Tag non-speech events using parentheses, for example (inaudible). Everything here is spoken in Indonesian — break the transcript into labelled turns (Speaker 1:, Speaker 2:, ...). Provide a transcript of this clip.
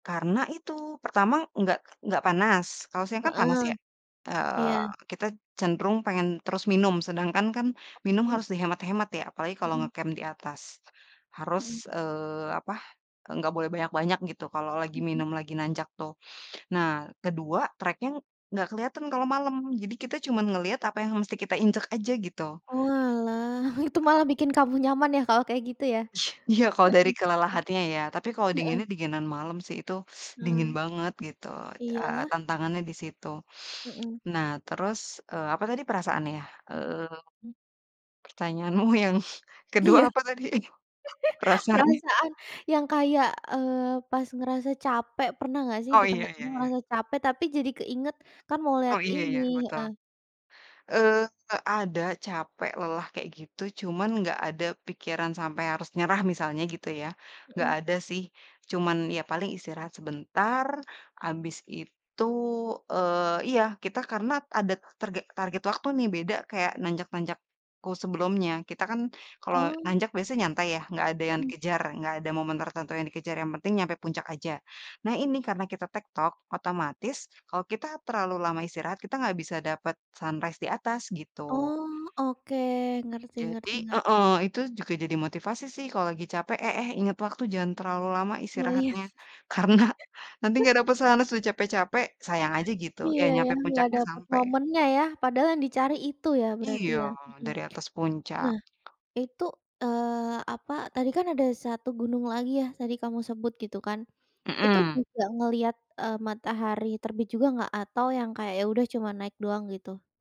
Speaker 1: Karena itu, pertama nggak nggak panas, kalau siang kan panas
Speaker 2: Heeh,
Speaker 1: ya, eee,
Speaker 2: iya.
Speaker 1: kita cenderung pengen terus minum, sedangkan kan minum
Speaker 2: Oh.
Speaker 1: harus dihemat-hemat ya, apalagi kalau
Speaker 2: Mhm.
Speaker 1: nge-camp di atas.
Speaker 2: Mhm.
Speaker 1: Harus, eee, apa, enggak boleh banyak-banyak gitu, kalo lagi
Speaker 2: Mhm.
Speaker 1: minum lagi nanjak tuh. Nah, kedua treknya nggak keliatan kalo malem, jadi kita cuma ngeliat apa yang mesti kita injek aja, gitu.
Speaker 2: Oalah, (chuckles) itu malah bikin kamu nyaman ya, kalau kayak gitu ya?
Speaker 1: Iya, kalo
Speaker 2: Mhm,
Speaker 1: dari kelelahannya ya, tapi kalo
Speaker 2: mmm. Heeh.
Speaker 1: dinginnya, dinginan malem sih itu (sucks teeth) dingin
Speaker 2: Eee.
Speaker 1: banget gitu, eee,
Speaker 2: Iyalah.
Speaker 1: tantangannya di situ.
Speaker 2: Mhm.
Speaker 1: Nah terus, eee, apa tadi, perasaan ya, eee,
Speaker 2: Mmm.
Speaker 1: pertanyaanmu yang kedua
Speaker 2: Iya.
Speaker 1: apa tadi
Speaker 2: (giggles)
Speaker 1: perasaannya?
Speaker 2: Perasaan yang kayak, eee, pas ngerasa capek, pernah nggak sih
Speaker 1: Oh,
Speaker 2: di
Speaker 1: iya iya
Speaker 2: tengah-tengah
Speaker 1: iya.
Speaker 2: ngerasa capek tapi jadi keinget, "Kan mau
Speaker 1: Oh,
Speaker 2: lihat
Speaker 1: iya
Speaker 2: ini"
Speaker 1: iya, betul.
Speaker 2: heeh.
Speaker 1: Eee, nggak ada, capek, lelah kayak gitu, cuman nggak ada pikiran sampe harus nyerah misalnya gitu ya, nggak
Speaker 2: Mhm.
Speaker 1: ada sih, cuman ya paling istirahat sebentar abis itu, eee iya, kita karena ada targe target waktu nih, beda kayak nanjak-nanjakku sebelumnya. Kita kan kalau
Speaker 2: Oh.
Speaker 1: nanjak biasanya nyantai ya nggak ada yang
Speaker 2: Mhm.
Speaker 1: dikejar, nggak ada momen tertentu yang dikejar, yang penting nyampe puncak aja. Nah, ini karena kita tek-tok otomatis kalau kita terlalu lama istirahat kita nggak bisa dapet sunrise di atas gitu.
Speaker 2: Oh, oke, ngerti
Speaker 1: Jadi
Speaker 2: ngerti nger
Speaker 1: heeh, itu juga jadi motivasi sih kalau lagi capek, "Eh eh, inget waktu jangan terlalu lama
Speaker 2: Oh iya.
Speaker 1: istirahatnya, karena nanti nggak dapet
Speaker 2: (chuckles)
Speaker 1: sunrise, sudah capek-capek, sayang aja," gitu. Ya
Speaker 2: Iya ya,
Speaker 1: nyampe
Speaker 2: nggak
Speaker 1: puncaknya,
Speaker 2: dapet
Speaker 1: sampe.
Speaker 2: momennya ya, padahal yang dicari itu ya berarti
Speaker 1: Iya,
Speaker 2: ya. Mhm.
Speaker 1: dari atas puncak.
Speaker 2: Nah, itu, eee, apa, tadi kan ada 1 gunung lagi ya, tadi kamu sebut gitu kan. Itu
Speaker 1: Mhm.
Speaker 2: juga ngelihat, eee, matahari terbit juga nggak atau yang kayak, "Ya udah cuma naik doang," gitu?